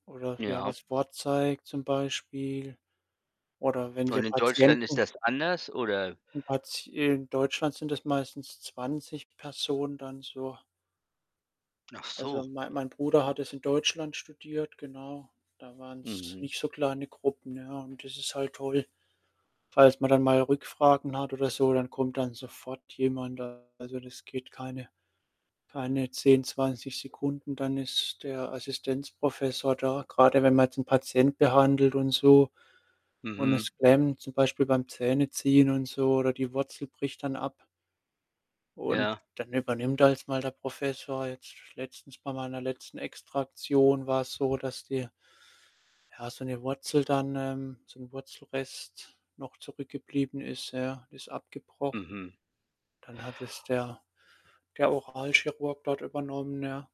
Oder ja, Ja. was vorzeigt zum Beispiel. Oder wenn Und wir in Deutschland ist Patienten das anders, oder? In Patie äh, in Deutschland sind das meistens 20 Personen dann so. Ach Also, so. mei mein Bruder hat das in Deutschland studiert, genau. Da waren's Mhm. nicht so kleine Gruppen, ja? Und das ist halt toll. Falls man dann mal Rückfragen hat oder so, dann kommt dann sofort jemand da. Also, das geht keine keine 10, 20 Sekunden, dann ist der Assistenzprofessor da, grade wenn man jetzt 'n Patient behandelt und so und Mhm. es klemmt zum Beispiel beim Zähne ziehen und so oder die Wurzel bricht dann ab. Und Ja. dann übernimmt erstmal der Professor. Jetzt letztens bei meiner letzten Extraktion war es so, dass die, ja, so 'ne Wurzel dann, ähm so 'n Wurzelrest noch zurückgeblieben ist ja, ist abgebrochen. Mhm. Dann hat es der der Oralchirurg dort übernommen, ja?